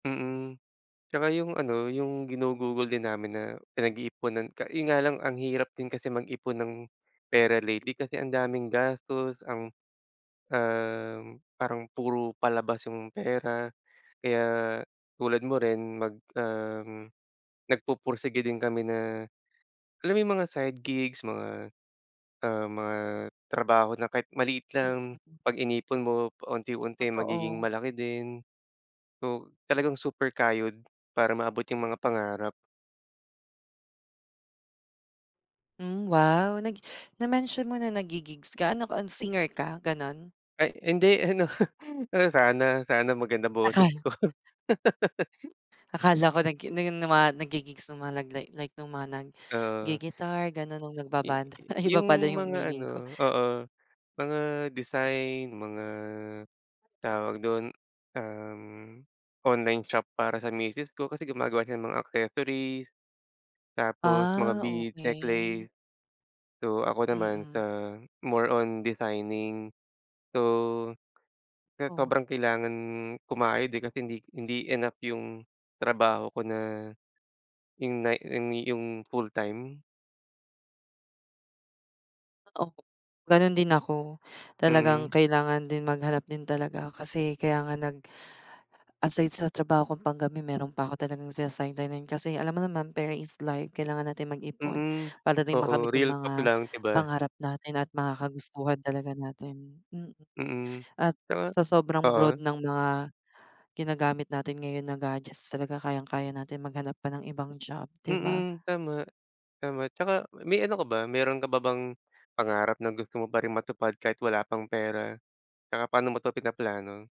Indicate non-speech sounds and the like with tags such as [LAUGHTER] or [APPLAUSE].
Mm, tsaka yung ano, yung ginugugol din namin na pinag-iiponan ka yun nga lang, ang hirap din kasi mag-ipon ng pera lately, kasi ang daming gastos ang, um, parang puro palabas yung pera kaya tulad mo rin mag um, nagpupursigi din kami, na alam mo yung mga side gigs mga ah, mga trabaho na kahit maliit lang, Mm. 'pag inipon mo pa-unti-unti magiging Totoo. malaki din. So talagang super kayod para maabot yung mga pangarap. Hmm, wow. Nag na-mention mo na nag-gi-gigs ka, ano, singer ka ganun? Ay hindi ano, sana sana maganda boses Akala. ko. [LAUGHS] Akala ko nag-gi nag nama nag-gi-gigs ng mga nag-li like nung mga Oo. nag-gi-guitar ganun, na I nagbabanda. Ay, i iba pala yung yung mga meaning ko. ano, oo, mga design, mga tawag dun, uhm, online shop para sa misis ko kasi gumagawa siya ng mga accessories. Tapos mga Ah, bead okey. necklace. So ako naman Mm. sa more on designing, so, kaya Oh. sobrang kailangan kumayod eh, kasi hindi hindi enough yung trabaho ko na, yung na I me yung full time. Oo, ganun din ako, talagang Mm. kailangan din maghanap din talaga kasi kaya nga nag aside sa trabaho kong panggabi meron pa 'ko talagang sina-sideline-nan kasi alam mo naman pera is life, kailangan natin mag-ipon Mm. para din Oo, makamit yung real talk mga lang, 'di ba? pangarap natin at mga kagustuhan talaga natin. Mm, Mm, at tama, sa sobrang broad oo. ng mga ginagamit natin ngayon na gadgets talaga kayang-kaya natin maghanap pa ng ibang job, 'di ba? Mm. Tama tama, tsaka may ano ka ba, meron ka pa bang pangarap na gusto mo pa rin matupad kahit wala pang pera, tsaka paano mo 'to pinaplano?